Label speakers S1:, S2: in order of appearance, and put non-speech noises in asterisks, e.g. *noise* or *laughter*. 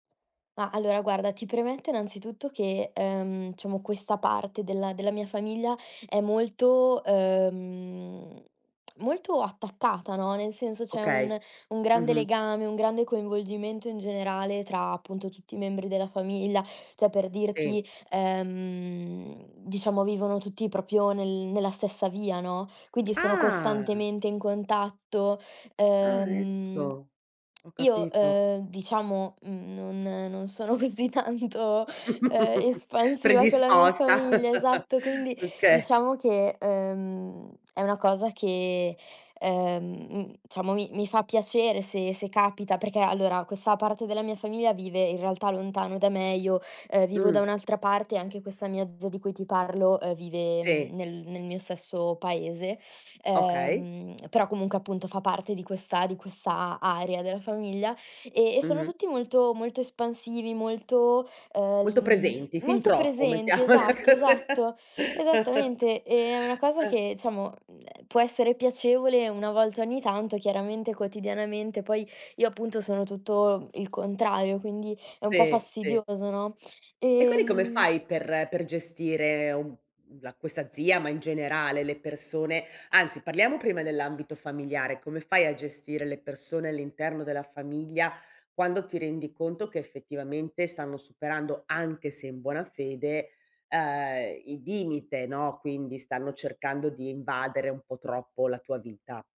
S1: No, allora, guarda, ti premetto innanzitutto che, ehm, diciamo, questa parte della della mia famiglia è molto, ehm, *smacks lips* molto attaccata, no, nel senso c'è
S2: Okay.
S1: un un grande
S2: Mh-mh.
S1: legame, un grande coinvolgimento in generale tra, appunto, tutti i membri della famiglia. Cioè, per
S2: Sì.
S1: dirti, ehm, diciamo, vivono tutti proprio nel nella stessa via, no, quindi sono
S2: Ah!
S1: costantemente in contatto,
S2: Ah,
S1: ehm,
S2: ecco. Ho
S1: io,
S2: capito.
S1: ehm, diciamo, mhmm, non non sono così tanto, ehm,
S2: *chuckles*
S1: espansiva con la mia
S2: Predisposta,
S1: famiglia esatto,
S2: *laughs*
S1: quindi,
S2: okay.
S1: diciamo che, ehm, è una cosa che, ehm, mhmm, diciamo mi mi fa piacere se se capita. Perché, allora, questa parte della mia famiglia vive, in realtà, lontano da me, io, ehm, vivo da
S2: Mh.
S1: un'altra parte e anche questa mia zia di cui ti parlo, ehm, vive
S2: Sì.
S1: nel nel mio stesso paese,
S2: Okay.
S1: ehm, però, comunque, appunto, fa parte di questa di questa area della famiglia, e e sono
S2: Mh-mh.
S1: tutti molto molto espansivi, molto, ehm, l
S2: Molto
S1: mhmm,
S2: presenti, fin
S1: molto
S2: troppo
S1: presenti
S2: mettiamola
S1: esatto,
S2: cos
S1: esatto,
S2: *chuckles*
S1: esattamente. È una cosa
S2: Eh.
S1: che, diciamo, mhmm, ehm, può essere piacevole una volta ogni tanto. Chiaramente, quotidianamente, poi io, appunto, sono tutto il contrario, quindi è un po'
S2: Sì, sì.
S1: fastidioso, no,
S2: E quindi come
S1: ehm
S2: fai per per gestire uhm, uhm, la questa zia, ma in generale le persone anzi, parliamo prima dell'ambito familiare. Come fai a gestire le persone all'interno della famiglia quando ti rendi conto che, effettivamente, stanno superando, anche se in buona fede, ehm, i limite, no, quindi stanno cercando di invadere un po' troppo la tua vita?